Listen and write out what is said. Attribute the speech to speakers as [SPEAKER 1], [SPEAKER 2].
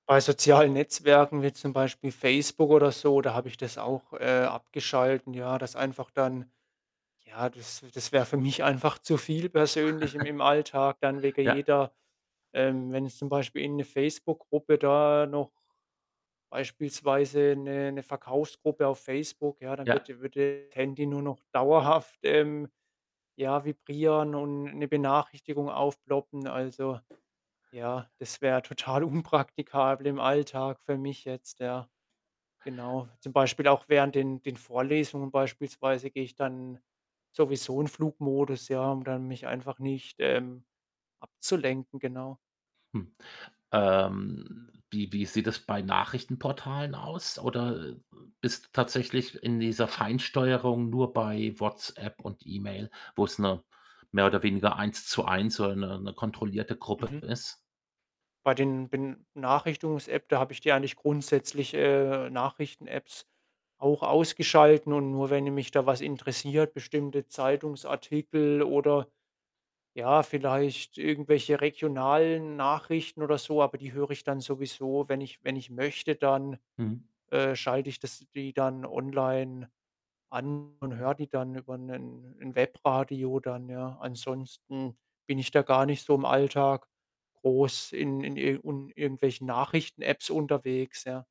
[SPEAKER 1] Bei sozialen Netzwerken wie zum Beispiel Facebook oder so, da habe ich das auch, äh, abgeschalten, ja, dass einfach dann ja, das das wäre für mich einfach zu viel persönlich im im Alltag dann wegen
[SPEAKER 2] Ja.
[SPEAKER 1] jeder ähm, wenn ich zum Beispiel irgend 'ne Facebook-Gruppe da noch beispielsweise 'ne 'ne Verkaufsgruppe auf Facebook, ja, dann
[SPEAKER 2] Ja.
[SPEAKER 1] würde würde Handy nur noch dauerhaft, ähm, ja, vibrieren und 'ne Benachrichtigung aufploppen. Also, ja, das wäre total unpraktikabel im Alltag für mich jetzt, ja. Genau. Zum Beispiel auch während den den Vorlesungen beispielsweise gehe ich dann sowieso in Flugmodus, ja, um dann mich einfach nicht, ähm, abzulenken. Genau.
[SPEAKER 2] Hm. Ähm, wie wie sieht das bei Nachrichtenportalen aus? Oder bist du tatsächlich in dieser Feinsteuerung nur bei WhatsApp und E-Mail, wo es nur mehr oder weniger Eins-zu-eins so eine 'ne kontrollierte Gruppe
[SPEAKER 1] Mhm.
[SPEAKER 2] ist?
[SPEAKER 1] Bei den Benachrichtungs-App, da habe ich die eigentlich grundsätzlich äh, Nachrichten-Apps auch ausgeschalten und nur wenn mich da was interessiert, bestimmte Zeitungsartikel oder ja, vielleicht irgendwelche regionalen Nachrichten oder so aber die höre ich dann sowieso, wenn ich wenn ich möchte, dann,
[SPEAKER 2] Mhm.
[SPEAKER 1] äh, schalte ich das die dann online an und höre die dann über 'nen 'n Webradio dann, ja. Ansonsten bin ich da gar nicht so im Alltag groß in in ir und irgendwelchen Nachrichten-Apps unterwegs, ja.